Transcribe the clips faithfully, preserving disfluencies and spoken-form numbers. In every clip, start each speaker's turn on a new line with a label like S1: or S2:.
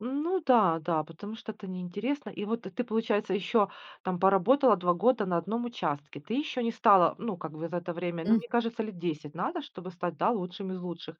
S1: Ну да, да, потому что это неинтересно. И вот ты получается еще там поработала два года на одном участке, ты еще не стала, ну как бы за это время, ну
S2: М.
S1: мне кажется, лет десять надо, чтобы стать, да, лучшим из лучших.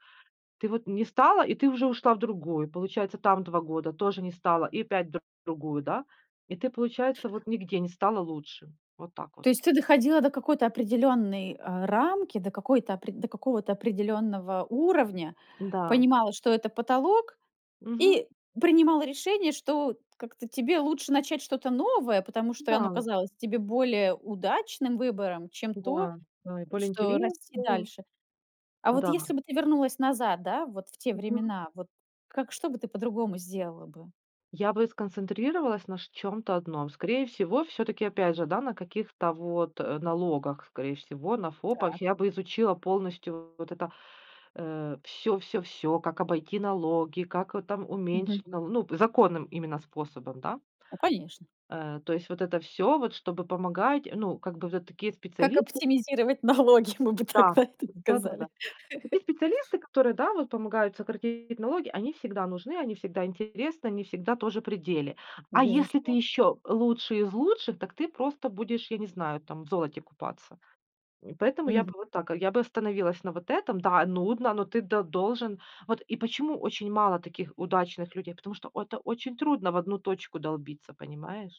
S1: Ты вот не стала, и ты уже ушла в другую, получается там два года, тоже не стала и опять в другую, да. И ты получается вот нигде не стала лучшим. Вот так вот.
S2: То есть ты доходила до какой-то определённой, э, рамки, до какой-то опре до какого-то определённого уровня,
S1: М-да.
S2: понимала, что это потолок,
S1: Мгм.
S2: и принимала решение, что как-то тебе лучше начать что-то новое, потому что оно
S1: Да.
S2: казалось тебе более удачным выбором, чем то,
S1: Да, да, и более
S2: что расти
S1: интересным.
S2: дальше. А вот
S1: Да.
S2: если бы ты вернулась назад, да, вот в те
S1: Мгм.
S2: времена, вот как, что бы ты по-другому сделала бы?
S1: Я бы сконцентрировалась на шт чем-то одном. Скорее всего, всё-таки опять же, да, на каких-то вот налогах, скорее всего на ФОПах.
S2: Так.
S1: Я бы изучила полностью вот это, э, всё всё всё: как обойти налоги, как там
S2: Мгм.
S1: уменьшить налоги, ну, законным именно способом, да.
S2: Ну конечно.
S1: Э, то есть вот это всё, вот чтобы помогать. Ну как бы вот это такие
S2: Как
S1: специалисты
S2: оптимизировать налоги, мы бы
S1: Да,
S2: тогда это
S1: да-да-да,
S2: сказали.
S1: такие специалисты, которые, да, вот помогают сократить налоги, они всегда нужны, они всегда интересны, они всегда тоже при деле. А если ты
S2: Безусловно.
S1: еще лучший из лучших, так ты просто будешь, я не знаю там, в золоте купаться. И поэтому я бы
S2: Мгм.
S1: вот так, я бы остановилась на вот этом. Да, нудно, но ты д должен. Вот и почему очень мало таких удачных людей? Потому что это очень трудно в одну точку долбиться, понимаешь?